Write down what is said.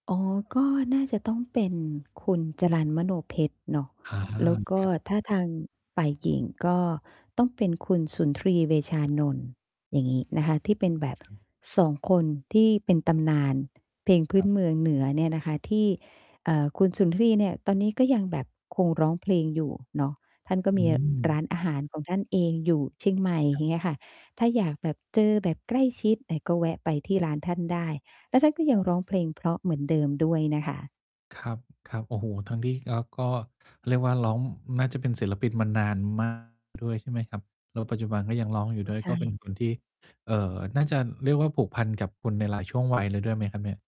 อ๋อ ก็น่าจะต้องเป็นคุณจรัล มโนเพ็ชรเนาะ อา แล้วก็ครับ ถ้าทางฝ่ายหญิง ก็ต้องเป็นคุณสุนทรี เวชานนท์ อย่างงี้นะคะ ที่เป็นแบบ ครับ 2 คน ที่เป็นตำนาน เพลงพืค้รนับ เมืองเหนือเนี่ยนะคะ ที่ เอ่อ คุณสุนทรีเนี่ย ตอนนี้ก็ยังแบบคงร้องเพลงอยู่เนาะ ท่านก็อืมีรม ้านอาหารของท่านเองอยู่เชียงใหม่ ครอัยบ ่างเงี้ยค่ะ ถ้าอยากแบบเจอแบบใกล้ชิด อ่า ก็แวะไปที่ร้านท่านได้ แล้วท่านก็ยคัรงับ ร้องเพลงเพราะเหมือนเดิมด้วยนะคะ ครับ ครับ โอ้โฮ! ทั้งที่ แล้วก็ เรียกว่าร้อง น่าจะเป็นศิลปินมานาน มาก ด้วยใช่ไหมครับ? แล้วปัจจุบันก็ยังร้องอยูโอ่้ ด้วย ใชก็เป็น่ บุคคลที่ เอ่อ น่าจะเรียกว่าผูกพันกับคุณในหลายช่วง วัยเลยด้วยไหมครับเนี่ย?